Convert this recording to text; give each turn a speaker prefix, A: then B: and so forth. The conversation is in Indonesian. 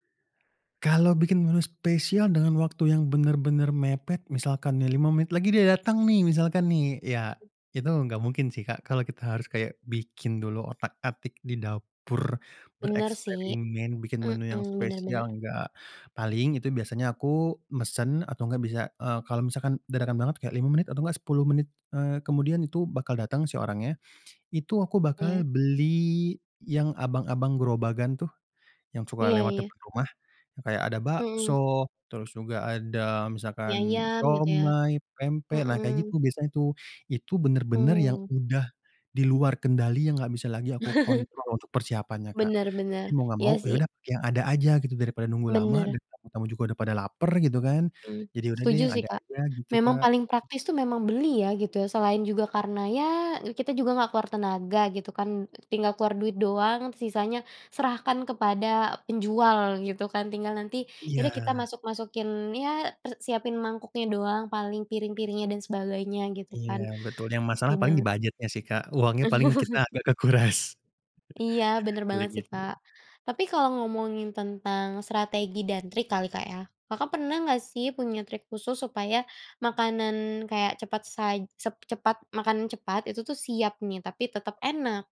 A: Kalau bikin menu spesial dengan waktu yang benar-benar mepet misalkan nih 5 menit lagi dia datang nih misalkan nih, ya itu gak mungkin sih, Kak. Kalau kita harus kayak bikin dulu otak-atik di dapur,
B: Bener sih.
A: bereksperimen, bikin menu yang
B: Mmm. Bener
A: spesial,
B: bener.
A: enggak, paling itu biasanya aku mesen atau gak bisa, eee, kalau misalkan dadakan banget kayak 5 menit atau gak 10 menit, eee, kemudian itu bakal datang si orangnya, itu aku
B: Iya.
A: bakal beli yang abang-abang gerobakan tuh yang suka
B: Iya
A: lewat
B: iya.
A: depan rumah, kayak ada
B: Mhm.
A: bakso, terus juga ada
B: Mie
A: misalkan
B: ayam gitu ya.
A: siomay, pempek, nah kayak
B: Mmm.
A: gitu biasanya tuh. Itu benar-benar yang
B: Oh.
A: sudah di luar kendali yang gak bisa lagi aku kontrol untuk persiapannya, Kak.
B: Bener bener.
A: Mau gak
B: Iya
A: mau ya
B: sih.
A: udah pakai yang ada aja gitu daripada nunggu lama
B: Bener.
A: dan tamu-tamu juga udah pada lapar gitu kan,
B: Hmm,
A: jadi udah deh
B: setuju
A: yang
B: sih,
A: ada
B: Kak.
A: aja gitu,
B: Memang
A: Kak.
B: paling praktis tuh
A: [unintelligible]
B: memang beli ya gitu ya, selain juga karena ya kita juga nggak keluar tenaga gitu kan, tinggal keluar duit doang sisanya serahkan kepada penjual gitu kan, tinggal nanti ya udah kita
A: Iya.
B: masuk-masukin ya per siapin mangkuknya doang paling, piring-piringnya dan sebagainya gitu
A: Iya
B: kan.
A: betul, yang
B: Betul
A: masalah paling
B: banget.
A: di-budget-nya sih, Kak, uangnya paling kita agak kekuras.
B: Iya bener banget
A: Paling
B: sih, Kak.
A: gitu.
B: Tapi kalau ngomongin tentang strategi dan trik kali, Kak, ya, Kakak pernah nggak sih punya trik khusus supaya makanan kayak cepat saj sep cepet makanan cepat itu tuh siap nih tapi tetep enak?